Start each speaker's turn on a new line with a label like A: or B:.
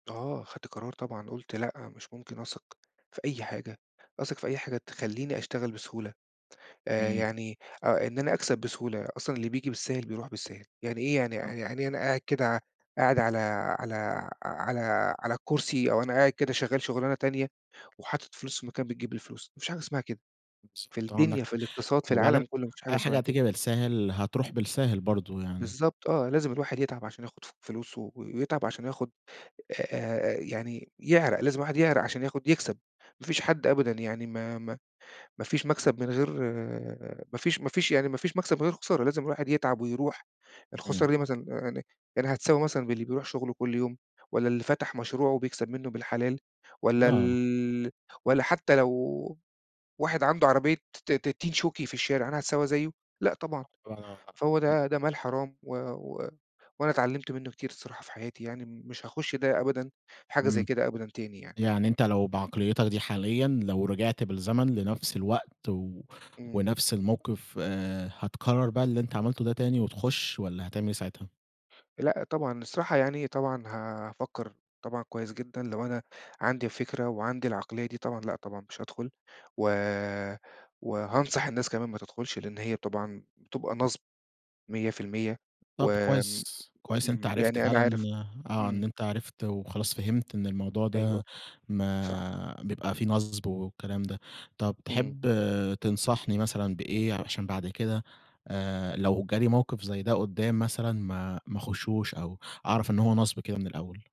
A: آه، خدت قرار طبعًا، قلت لأ، مش ممكن أثق في أي حاجة، أثق في أي حاجة تخلّيني أشتغل بسهولة آآ،
B: إمم.
A: يعني آآ، إن أنا أكسَب بسهولة، أصلًا اللي بييجي بالساهِل بيروح بالساهِل، يعني إيه، يعني
B: آه.
A: يعني إيه أنا قاعد كده، قاعد على على على على الكرسي أو أنا قاعد كده شغّال شُغلانة تانية وحاطط فلوس في مكان بتجيب لي فلوس، ما فيش حاجة اسمها كده في
B: بالضبط، آه، عَندك
A: الدنيا، في
B: حق،
A: الإقتصاد، في
B: وبعدين
A: العالم كلّه ما فيش حاجة
B: أي
A: اسمها
B: حاجة
A: كده.
B: هتيجي بالساهِل، هترُوح بالساهِل برضه يعني.
A: بالضبط آه، لازم الواحد يتعَب عشان ياخد ف فلوسه ويتعَب عشان ياخد آآ، يعني يعرَق، لازم الواحد يعرَق عشان ياخد يكسَب، ما فيش حد أبدًا يعني ما ما ما فيش مكسَب من غير ما فيش ما فيش يعني ما فيش مكسَب من غير خسارة، لازم الواحد يتعَب ويرُوح،
B: إمم.
A: الخسارة دي مثلًا يعني، يعني هتساوي مثلًا باللي بيرُوح شُغله كلّ يوم والّا اللي فتَح مشروعه و بيكسَب مِنُّه بالحلال والّا
B: لا.
A: ال والّا حتى لو واحد عَنده عربية ت ت تين شوكي في الشارع، أنا هاتساوى زيّه؟ لأ، طبعًا، فهو ده
B: [unintelligible]
A: ده مال حرام و و وأنا اتعلّمت مِنُّه كتير الصراحة في حياتي يعني، مش هاخش ده أبًدا، حاجة زي
B: إمم.
A: كده أبدًا تاني يعني.
B: يعني أنت لو بعقليّتك دي حاليًا لو رجِعت بالزمن لنفْس الوقت و
A: إمم.
B: ونفس الموقِف، آآ، هتكرّر بقى اللي أنت عملته ده تاني وتخشّ والّا هتعمل إيه ساعتها؟
A: لأ، طبعًا، الصراحة يعني، طبعًا هافكّر طبعًا كويس جدًا لو أنا عندي الفكرة وعندي العقلية دي طبعًا، لأ، طبعًا مش هادخُل و وهانصح الناس كمان ما تدخلش لأن هي طبعًا بتبقى
B: [unintelligible]
A: نصب 100% و
B: طَب كويس،
A: آمم،
B: كويس إن أنت عرِفت
A: يعني أنا
B: فعلًا
A: عارف
B: آآ، آه، إن
A: إمم.
B: أنت عرِفت وخلاص فهِمت إن الموضوع
A: أيوه.
B: ده
A: صح.
B: ما بيبقى فيه نصْب والكلام ده. طَب
A: إمم.
B: تحب تنصحني مثلًا بإيه عشان بعد كده آآ، لو جالي موقِف زي ده قُدّام مثلًا ما ما اخشّوش أو أعرَف إن هو نصْب كده من الأول؟